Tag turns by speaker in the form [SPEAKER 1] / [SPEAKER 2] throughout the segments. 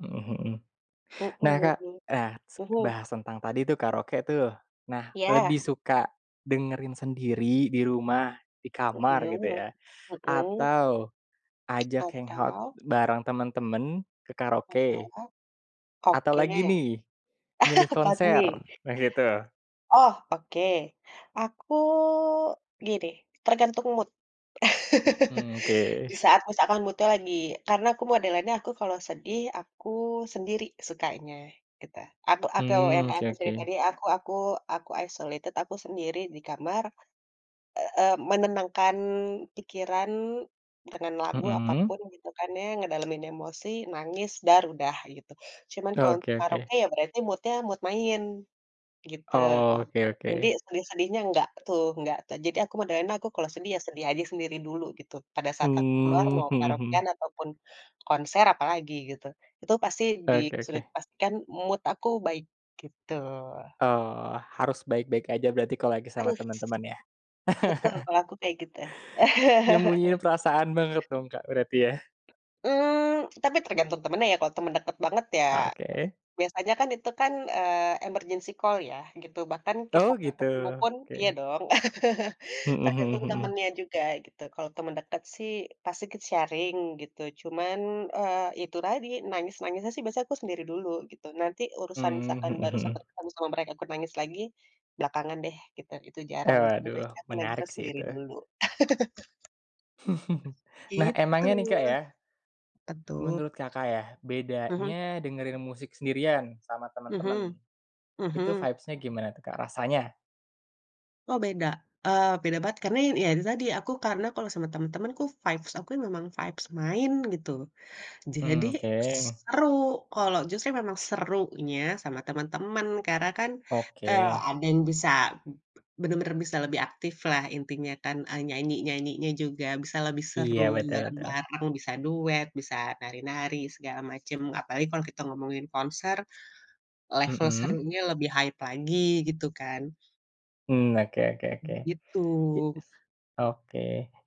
[SPEAKER 1] Heeh heeh.
[SPEAKER 2] Mhm
[SPEAKER 1] Nah Kak,
[SPEAKER 2] mhm,
[SPEAKER 1] nah se
[SPEAKER 2] mhm.
[SPEAKER 1] bahas tentang tadi, tuh, karaoke, tuh. Nah
[SPEAKER 2] Iya.
[SPEAKER 1] lebih suka dengerin sendiri di rumah, di kamar
[SPEAKER 2] Heeh
[SPEAKER 1] gitu, ya,
[SPEAKER 2] heeh.
[SPEAKER 1] atau ajak hangout
[SPEAKER 2] Atau?
[SPEAKER 1] bareng temen-temen ke karaoke?
[SPEAKER 2] Heeh,
[SPEAKER 1] Atau
[SPEAKER 2] oke.
[SPEAKER 1] lagi, nih, milih konser?
[SPEAKER 2] Padmi?
[SPEAKER 1] Nah gitu.
[SPEAKER 2] Oh, oke aku gini tergantung mood.
[SPEAKER 1] Mmm,
[SPEAKER 2] Di
[SPEAKER 1] oke.
[SPEAKER 2] saat misalkan mood-nya lagi karena aku modelannya aku kalau sedih, aku sendiri sukanya. Gitu, aku aku yang
[SPEAKER 1] Mmm.
[SPEAKER 2] kaya
[SPEAKER 1] Oke
[SPEAKER 2] aku cerita
[SPEAKER 1] oke.
[SPEAKER 2] tadi aku aku aku isolated, aku sendiri di kamar, eee, menenangkan pikiran dengan lagu
[SPEAKER 1] Mhm.
[SPEAKER 2] apapun gitu, kan, ya, ngedalemin emosi, nangis, duar udah gitu. Cuma kalau
[SPEAKER 1] Oke
[SPEAKER 2] untuk
[SPEAKER 1] oke.
[SPEAKER 2] karaoke, ya, berarti mood-nya, mood main, gitu,
[SPEAKER 1] Oke
[SPEAKER 2] jadi
[SPEAKER 1] oke.
[SPEAKER 2] sedih-sedihnya enggak tuh enggak jadi aku modelnya kalau sedih, ya, sedih aja sendiri dulu gitu. Pada saat aku keluar
[SPEAKER 1] Mmm,
[SPEAKER 2] mau
[SPEAKER 1] mhm mhm.
[SPEAKER 2] karaokean ataupun konser apalagi gitu itu pasti di
[SPEAKER 1] Oke
[SPEAKER 2] sudah
[SPEAKER 1] oke.
[SPEAKER 2] dipastikan mood aku baik gitu.
[SPEAKER 1] Oh. Harus baik-baik aja berarti kalau lagi sama
[SPEAKER 2] Harus.
[SPEAKER 1] teman-teman, ya?
[SPEAKER 2] Betul, kalau aku kaya gitu.
[SPEAKER 1] Nyembunyiin perasaan banget dong Kak, berarti, ya?
[SPEAKER 2] Mmm, tapi tergantung temennya, ya, temen deket banget ya
[SPEAKER 1] Oke.
[SPEAKER 2] biasanya, kan, itu, kan, eee, emergency call ya, bahkan kita
[SPEAKER 1] Oh
[SPEAKER 2] nggak
[SPEAKER 1] gitu,
[SPEAKER 2] ketemu pun iya
[SPEAKER 1] oke.
[SPEAKER 2] dong,
[SPEAKER 1] Heeh heeh
[SPEAKER 2] tergantung
[SPEAKER 1] heeh.
[SPEAKER 2] temennya juga gitu kalau teman dekat, sih, pasti ikut sharing gitu cuman, eee, itu tadi nangis-nangisnya sih biasanya aku sendiri dulu gitu. Nanti urusan
[SPEAKER 1] Mmm,
[SPEAKER 2] misalkan
[SPEAKER 1] heeh
[SPEAKER 2] baru
[SPEAKER 1] heeh.
[SPEAKER 2] sempet ketemu sama mereka nangis lagi belakangan, deh, gitu, itu
[SPEAKER 1] Eh,
[SPEAKER 2] jarang. Dan
[SPEAKER 1] waduh
[SPEAKER 2] biasanya aku
[SPEAKER 1] menarik,
[SPEAKER 2] nangisnya
[SPEAKER 1] sih,
[SPEAKER 2] sendiri
[SPEAKER 1] itu.
[SPEAKER 2] dulu.
[SPEAKER 1] Nah
[SPEAKER 2] Itu.
[SPEAKER 1] emangnya, nih, Kak,
[SPEAKER 2] Apaan,
[SPEAKER 1] ya
[SPEAKER 2] tuh?
[SPEAKER 1] menurut Kakak, ya,
[SPEAKER 2] Mhm.
[SPEAKER 1] bedanya dengerin musik sendirian, sama temen-temen
[SPEAKER 2] Mhm
[SPEAKER 1] itu
[SPEAKER 2] mhm.
[SPEAKER 1] vibes-nya gimana, tuh, Kak, rasanya?
[SPEAKER 2] Oh beda, eee, beda banget karena, ya, tadi aku karena kalo sama temen-temen, tuh, vibes aku memang vibes main gitu. Jadi
[SPEAKER 1] Mmm, oke.
[SPEAKER 2] seru, kalo justru memang serunya sama temen-temen karena, kan, eee,
[SPEAKER 1] Oke.
[SPEAKER 2] ada yang bisa bener-bener bisa lebih aktiflah intinya, kan, eee, nyanyi-nyanyinya juga bisa lebih
[SPEAKER 1] Iya,
[SPEAKER 2] seru,
[SPEAKER 1] betul betul.
[SPEAKER 2] bareng-bareng, bisa duet, bisa nari-nari segala macem, apalagi kalau kita ngomongin konser, level
[SPEAKER 1] Heeh.
[SPEAKER 2] serunya lebih hype lagi gitu, kan.
[SPEAKER 1] Mmm, oke oke oke.
[SPEAKER 2] Gitu.
[SPEAKER 1] Oke,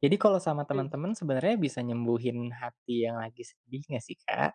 [SPEAKER 1] jadi kalo sama
[SPEAKER 2] Mhm.
[SPEAKER 1] temen-temen sebenernya bisa nyembuhin hati yang lagi sedih nggak, sih, Kak?